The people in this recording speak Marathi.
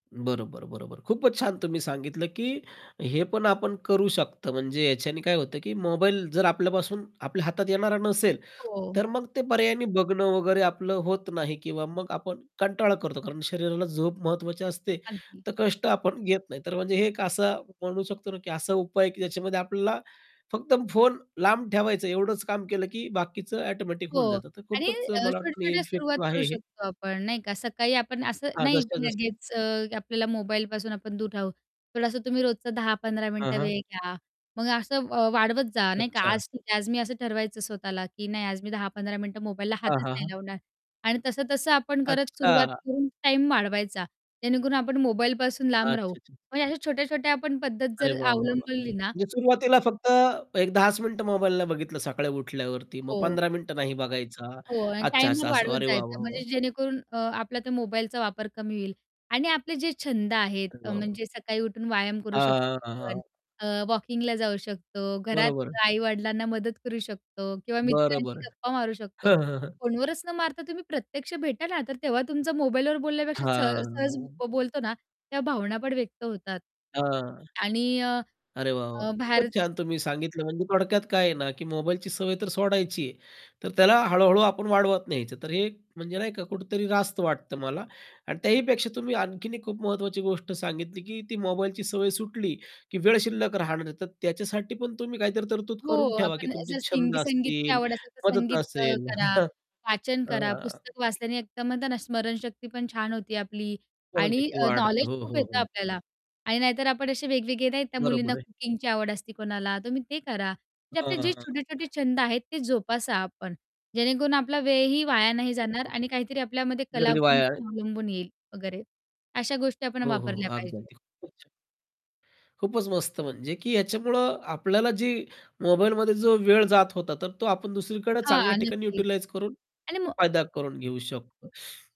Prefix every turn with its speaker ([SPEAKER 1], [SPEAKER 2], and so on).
[SPEAKER 1] बरोबर. बरोबर. खूपच छान. तुम्ही सांगितलं, की हे पण आपण करू शकतो. म्हणजे याच्याने काय होतं, की मोबाईल जर आपल्यापासून आपल्या हातात येणारा नसेल,
[SPEAKER 2] हो.
[SPEAKER 1] तर मग ते पर्यायाने बघणं वगैरे, आपलं होत नाही. किंवा मग आपण कंटाळा करतो. कारण शरीराला झोप महत्त्वाची असते.
[SPEAKER 2] अगदी.
[SPEAKER 1] तर कष्ट आपण घेत नाही, तर म्हणजे हे एक असं म्हणू शकतो ना, की असा उपाय आहे, की ज्याच्यामध्ये आपल्याला फक्त फोन लांब ठेवायचं, एवढंच काम केलं. की बाकीचं ऑटोमॅटिक होऊन
[SPEAKER 2] हो.
[SPEAKER 1] जातं. तर
[SPEAKER 2] आणि
[SPEAKER 1] खूपच
[SPEAKER 2] अ,
[SPEAKER 1] मला वाटतं नाही,
[SPEAKER 2] छोट्या-छोट्या सुरुवात
[SPEAKER 1] इफेक्टिव्ह
[SPEAKER 2] करू
[SPEAKER 1] आहे हे.
[SPEAKER 2] शकतो आपण, नाही का. सकाळी आपण असं
[SPEAKER 1] हां,
[SPEAKER 2] नाही की
[SPEAKER 1] जसं-जसं.
[SPEAKER 2] लगेच, अ, आपल्याला मोबाईलपासून आपण दूर राहू. थोडंसं तुम्ही रोजचा 10 ते 15
[SPEAKER 1] हां,
[SPEAKER 2] मिनिटं
[SPEAKER 1] हां.
[SPEAKER 2] वेळ घ्या. मग असं व वाढवत जा, नाही का.
[SPEAKER 1] अच्छा.
[SPEAKER 2] आज ठीक आहे, आज मी असं ठरवायचं स्वतःला, की नाही आज मी 10-15 मिनिटं मोबाईलला
[SPEAKER 1] हां,
[SPEAKER 2] हातच
[SPEAKER 1] हां,
[SPEAKER 2] नाही
[SPEAKER 1] हां.
[SPEAKER 2] लावणार. आणि तसं-तसं आपण करत, सुरुवात
[SPEAKER 1] अच्छा.
[SPEAKER 2] करून टाईम वाढवायचा. जेणेकरून आपण मोबाईलपासून लांब राहू.
[SPEAKER 1] अच्छा-अच्छा.
[SPEAKER 2] पण अशा छोट्या-छोट्या आपण पद्धत
[SPEAKER 1] अरे
[SPEAKER 2] जर
[SPEAKER 1] वाह, वाह, वाह!
[SPEAKER 2] अवलंबली ना
[SPEAKER 1] म्हणजे सुरुवातीला फक्त एक 10 च मिनिट मोबाईलला बघितलं. सकाळी उठल्यावरती मग
[SPEAKER 2] हो.
[SPEAKER 1] 15 मिनिटं नाही बघायचा.
[SPEAKER 2] हो. आणि
[SPEAKER 1] अच्छा,
[SPEAKER 2] टाइमर
[SPEAKER 1] असं-असं.
[SPEAKER 2] वाढवत
[SPEAKER 1] अरे वाह,
[SPEAKER 2] जायचा.
[SPEAKER 1] वाह,
[SPEAKER 2] म्हणजे
[SPEAKER 1] वाह!
[SPEAKER 2] जेणेकरून अ, आपला त्या मोबाईलचा वापर कमी होईल. आणि आपले जे छंद आहेत,
[SPEAKER 1] अरे
[SPEAKER 2] अ,
[SPEAKER 1] वाह, वाह!
[SPEAKER 2] म्हणजे सकाळी उठून व्यायाम करू शकतो
[SPEAKER 1] हां, हां,
[SPEAKER 2] आपण.
[SPEAKER 1] हां.
[SPEAKER 2] अ, वॉकिंगला जाऊ शकतो. घरात
[SPEAKER 1] बरोबर.
[SPEAKER 2] आई-वडिलांना मदत करू शकतो. किंवा
[SPEAKER 1] बरं,
[SPEAKER 2] मित्रांशी
[SPEAKER 1] बरं.
[SPEAKER 2] गप्पा मारू शकतो. फोनवरच न मारता तुम्ही प्रत्यक्ष भेटा ना, तर तेव्हा तुमचा मोबाईलवर बोलण्यापेक्षा, स सहज
[SPEAKER 1] हां.
[SPEAKER 2] बोलतो ना, त्या भावना पण व्यक्त होतात.
[SPEAKER 1] हां,
[SPEAKER 2] आणि अ,
[SPEAKER 1] अरे वाह, वाह!
[SPEAKER 2] अ, भार
[SPEAKER 1] खूपच छान तुम्ही सांगितलं. म्हणजे थोडक्यात काय आहे ना? की मोबाईलची सवय तर सोडायची आहे, तर त्याला हळू-हळू आपण वाढवत न्यायचं, तर हे म्हणजे नाही का, कुठेतरी रास्त वाटतं मला. आणि त्याहीपेक्षा तुम्ही आणखीन एक खूप महत्त्वाची गोष्ट सांगितली, की ती मोबाईलची सवय सुटली, की वेळ शिल्लक राहणार आहे. तर त्याच्यासाठी पण तुम्ही काहीतरी तरतूद
[SPEAKER 2] हो.
[SPEAKER 1] करून ठेवा, की
[SPEAKER 2] आपण
[SPEAKER 1] तुमचे
[SPEAKER 2] जर सिंग
[SPEAKER 1] छंद
[SPEAKER 2] संगीतची
[SPEAKER 1] असतील.
[SPEAKER 2] आवड असेल, तर
[SPEAKER 1] मदत
[SPEAKER 2] संगीत अ,
[SPEAKER 1] असेल.
[SPEAKER 2] करा, वाचन करा.
[SPEAKER 1] हां.
[SPEAKER 2] पुस्तक वाचल्याने एकदम स्मरणशक्ती पण छान होती आपली. आणि
[SPEAKER 1] स्मरणशक्ती
[SPEAKER 2] अ,
[SPEAKER 1] वाढते.
[SPEAKER 2] नॉलेज
[SPEAKER 1] हो,
[SPEAKER 2] खूप
[SPEAKER 1] हो,
[SPEAKER 2] येतं
[SPEAKER 1] हो.
[SPEAKER 2] आपल्याला. आणि नाही तर आपण असे वेगवेगळे नाही, त्या मुलींना
[SPEAKER 1] बरोबर आहे.
[SPEAKER 2] कुकिंगची आवड असते कोणाला, तुम्ही ते करा, जे
[SPEAKER 1] हां,
[SPEAKER 2] आपले
[SPEAKER 1] हां,
[SPEAKER 2] जे
[SPEAKER 1] हां.
[SPEAKER 2] छोटे-छोटे छंद आहेत, ते जोपासा आपण. जेणेकरून आपला वेळही वाया नाही
[SPEAKER 1] अरे
[SPEAKER 2] जाणार.
[SPEAKER 1] व्वा!
[SPEAKER 2] आणि काहीतरी आपल्यामध्ये
[SPEAKER 1] वेळही
[SPEAKER 2] कलागुण
[SPEAKER 1] वाया
[SPEAKER 2] अवलंबून येईल वगैरे. अशा गोष्टी आपण
[SPEAKER 1] हो, हो,
[SPEAKER 2] वापरल्या
[SPEAKER 1] अगदी,
[SPEAKER 2] पाहिजेत.
[SPEAKER 1] अगदी. खूपच छान. खूपच मस्त. म्हणजे की याच्यामुळं आपल्याला जी मोबाईलमध्ये जो वेळ जात होता. तर तो आपण दुसरीकडे चांगल्या
[SPEAKER 2] हां.
[SPEAKER 1] ठिकाणी
[SPEAKER 2] नक्कीच.
[SPEAKER 1] यूटिलाइज करून
[SPEAKER 2] आणि म
[SPEAKER 1] फायदा करून घेऊ शकतो.